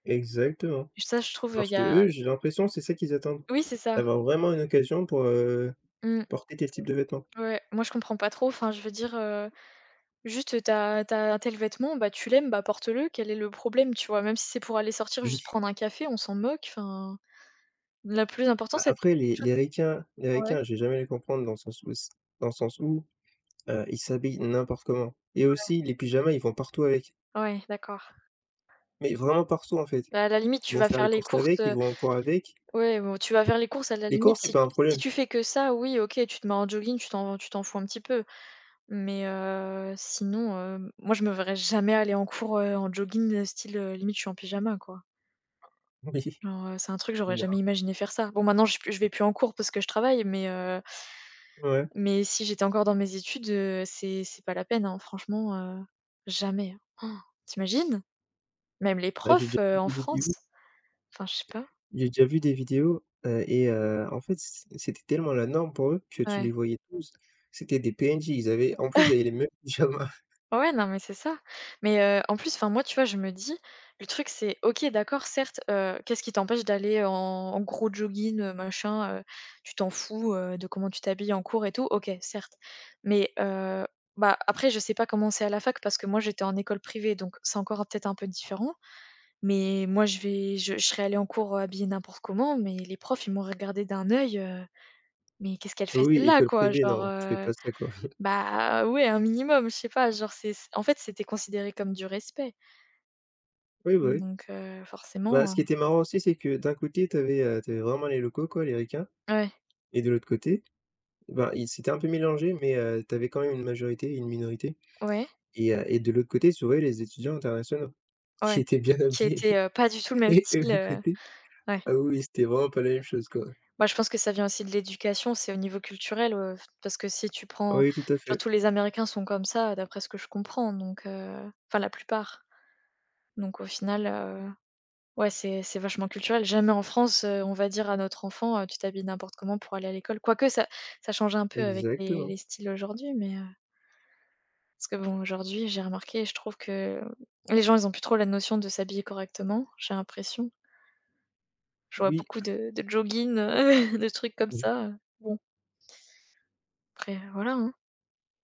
Exactement. Et ça je trouve, heu, Parce il y a qu'eux i j'ai l'impression c'est ça qu'ils attendent, Oui c'est ça. d'avoir vraiment une occasion pour, heu, Mmh. porter tel type de vêtement. Ouais, moi je comprends pas trop, enfin je veux dire, heu, juste, heu, tu as tu as tel vêtement, bah, tu l'aimes, bah, porte le. Quel est le problème? Tu vois même si c'est pour aller sortir juste Oui. prendre un café on s'en moque enfin. La plus important Bah, c'est [unintelligible] après quelque les chose les qui ricains les ah ouais? ricains je vais jamais les comprendre dans le sens où c dans le sens où, heu, ils s'habillent n'importe comment et Ouais. aussi, les pyjamas ils vont partout avec Ouais, d'accord. mais, vraiment partout en fait. Bah, à la limite Ils tu vont vas faire faire les les courses courses, avec, ils heu, vont en cours avec ouais bon, tu vas faire les courses à la les cours limite c'est si pas tu un si problème. tu fais que ça oui OK tu te mets en jogging tu t'en tu t'en fous un petit peu. Mais, heu, sinon, hem, moi je me verrais jamais aller en cours, heu, en jogging, heu, style, heu, limite je suis en pyjama quoi. Beh, si. Genre, heu, c'est un truc j'aurais Non. jamais imaginé faire ça. Bon maintenant je suis p je vais plus en cours parce que je travaille mais, heu Ouais. mais si j'étais encore dans mes études, heu, c'est c'est pas la peine, hein, franchement, heu, jamais, hein. Han. Tu imagines? Même les Bah, j'ai déjà profs, heu, vu en une France? vidéo Enfin je sais pas. jai déjà vu des vidéos, heu et heu, en fait c c c'était tellement la norme pour eux, que tu Ouais. les voyais tous. C'étaient des PNJ, ils avaient, en plus ils avaient les mêmes pyjamas. Ouais non mais c'est ça. Mais, heu, en plus enfin moi tu vois je me dis, le truc c'est, OK d'accord certes, heu, qu'est-ce qui t'empêche d'aller en en gros jogging, heu, machin, heu? Tu t'en fous, heu, de comment tu t'habilles en cours et tout. OK, certes. Mais, heu, bah, après je sais pas comment c'est à la fac parce que moi j'étais en école privée donc, c'est encore un peut-être un peu différent. Mais moi je vais je je serais allée en cours, heu, habillée n'importe comment mais les profs ils m'auraient regardée d'un œil, heu: «Mais qu'est-ce qu'elle Oui fait oui, celle-là?» école quoi privée genre, non, tu fais heu. pas ça quoi. Bah, ouais un minimum je sais pas genre c'est c en fait c'était considéré comme du respect Oui, bah, oui. donc, heu, Bah, forcément, ce heu qui était marrant aussi c'est que, d'un côté tu avais, heu, tu avais vraiment les locaux quoi les ricains Ouais. et de l'autre côté, ben, ils s'étaient un peu mélangés mais, heu, tu avais quand même une majorité et une minorité Ouais. et heu et de l'autre côté tu voyais les étudiants internationaux, Ouais, qui étaient bien qui habillés était, heu, pas du tout le même et de style, l'autre heu côté, ouais. ah oui oui c'était vraiment pas la même chose quoi. Bah, je pense que ça vient aussi de l'éducation c'est au niveau culturel, heu, f parce que si tu prends, Oui oui tout à genre fait. tous les américains sont comme ça, heu, d'après ce que je comprends donc, heu, enfin la plupart. Donc au final, heu, ouais c'est c'est vachement culturel. Jamais en France, heu, on va dire à notre enfant heu: «Tu t'habilles n'importe comment pour aller à l'école», quoique ça ça change un peu avec les Exactement. les styles aujourd'hui mais, heu. Parce que bon aujourd'hui j'ai remarqué je trouve que, les gens ils ont plus trop la notion de s'habiller correctement, j'ai l'impression je vois Oui. beaucoup de de joggings, heu, de trucs comme Mmh. ça, heu, bon après, heu, voilà, hein.